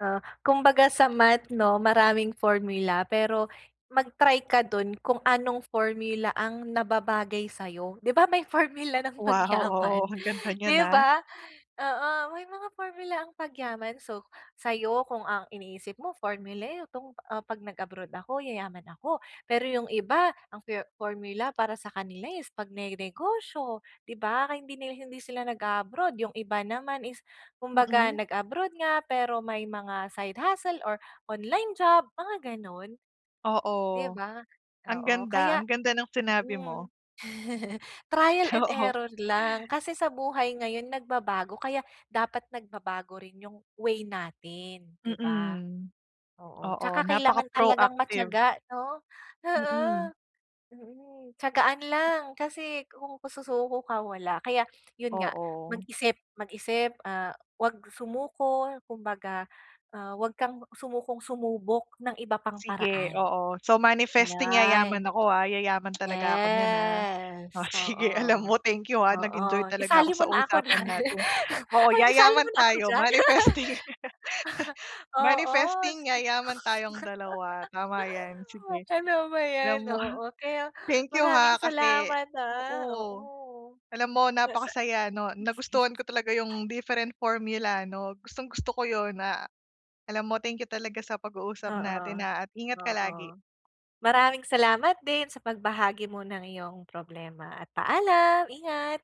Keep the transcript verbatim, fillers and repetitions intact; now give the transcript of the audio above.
Ah, kumbaga sa math 'no, maraming formula. Pero mag-try ka dun kung anong formula ang nababagay sa'yo. 'Di ba may formula ng Wow! Oo, pagyaman, ang ganda niyan, 'di ah. ba? Oo, may mga formula ang pagyaman. So, sa'yo, kung ang iniisip mo formula, etong, ah, 'pag nag-abroad ako yayaman ako, pero yung iba ang for formula para sa kanila is pagnenegosyo, 'di ba? Kaya hindi nila, hindi sila nag-a-abroad, yung iba naman is kumbaga Mm. nag-abroad nga pero may mga side hustle, or online job mga, gano'n. 'Di Oo. ba? Ang Oo, ganda, kaya ang ganda ng sinabi mo. mm, trial and Oo. error lang. Kasi sa buhay ngayon nagbabago kaya dapat nagbabago rin yung way natin, 'di ba? Mm. Oo, Oo, tsaka kailangan talagang napaka-proactive. matiyaga 'no. Oo, Mm. mm, tiyagaan M lang kasi kung susuko ka wala, kaya yun nga Oo. mag-isip mag-isip, ah, 'wag sumuko kumbaga, ah, 'wag kang sumukong sumubok ng iba pang Sige, paraan. oo. So, manifesting Ayay. Oo. yayaman ako, ah? Yayaman talaga ako niyan, ah. O, Yes, sige, alam oo. mo thank you, ha, nag-enjoy Oo, talaga ako isali mo sa na ako usapan diyan, natin. Oo, isali mo yayaman na ako tayo diyan. manifesting. Oo. Manifesting yayaman tayong dalawa, tama 'yan sige. Ano ba 'yan, Alam mo, oo kaya thank you, maraming ha, kasi salamat, ah. oo, oo, alam mo sa napakasaya ano, nagustuhan ko talaga yung different formula 'no, gustong gusto ko yun na alam mo thank you talaga sa pag-uusap natin, Oo, ha, at ingat ka oo, lagi. maraming salamat din sa pagbahagi mo ng iyong problema, at paalam, ingat.